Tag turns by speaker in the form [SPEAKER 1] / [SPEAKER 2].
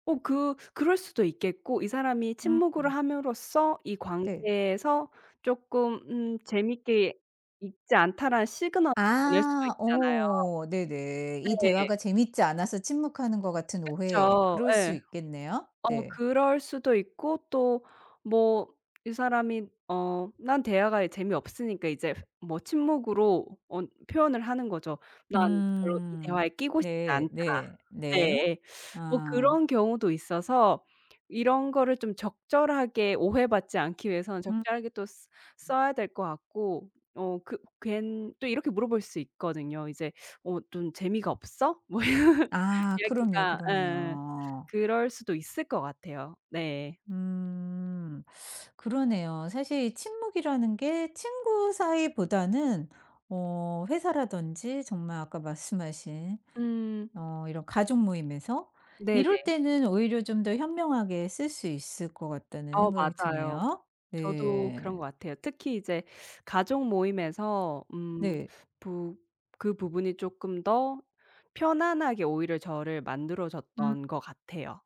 [SPEAKER 1] 어 그 그럴 수도 있겠고 이 사람이 침묵을
[SPEAKER 2] 음음.
[SPEAKER 1] 함으로써 이
[SPEAKER 2] 네.
[SPEAKER 1] 관계에서 쪼끔 음 '재밌게 있지 않다.'라는 시그널을
[SPEAKER 2] 아.
[SPEAKER 1] 보낼 수 있잖아요.
[SPEAKER 2] 오 네네. 이
[SPEAKER 1] 네.
[SPEAKER 2] 대화가 재밌지 않아서 침묵하는 것 같은 오해.
[SPEAKER 1] 그쵸.
[SPEAKER 2] 그럴 수
[SPEAKER 1] 예.
[SPEAKER 2] 있겠네요.
[SPEAKER 1] 어
[SPEAKER 2] 네.
[SPEAKER 1] 그럴 수도 있고 또 뭐 이 사람이 어 난 대화가 재미없으니까 이제 뭐 침묵으로 어 표현을 하는 거죠. '난 별로 이
[SPEAKER 2] 음.
[SPEAKER 1] 대화에 끼고 싶지
[SPEAKER 2] 네
[SPEAKER 1] 않다.'
[SPEAKER 2] 네 네.
[SPEAKER 1] 네예. 뭐
[SPEAKER 2] 아.
[SPEAKER 1] 그런 경우도 있어서 이런 거를 좀 적절하게 오해받지 않기 위해서는
[SPEAKER 2] 음.
[SPEAKER 1] 적절하게 또 쓰
[SPEAKER 2] 음.
[SPEAKER 1] 써야 될 것 같고. 어 그 괜 또 이렇게 물어볼 수 있거든요. 이제 "어 좀 재미가 없어?" 뭐
[SPEAKER 2] 아 그럼요,
[SPEAKER 1] 얘기가 예예
[SPEAKER 2] 그럼요.
[SPEAKER 1] 그럴 수도 있을 것 같아요. 네.
[SPEAKER 2] 음. 그러네요. 사실 이 침묵이라는 게 친구 사이보다는 어 회사라든지 정말 아까 말씀하신
[SPEAKER 1] 음.
[SPEAKER 2] 어 이런 가족 모임에서 이럴
[SPEAKER 1] 네네.
[SPEAKER 2] 때는 오히려 좀 더 현명하게 쓸 수 있을 것 같다는
[SPEAKER 1] 어
[SPEAKER 2] 생각이
[SPEAKER 1] 맞아요.
[SPEAKER 2] 드네요.
[SPEAKER 1] 저도 그런 것
[SPEAKER 2] 네.
[SPEAKER 1] 같아요. 특히 이제 가족 모임에서 음
[SPEAKER 2] 네.
[SPEAKER 1] 부 그 부분이 쪼끔 더 편안하게 오히려 저를 만들어
[SPEAKER 2] 음.
[SPEAKER 1] 줬던 것 같아요.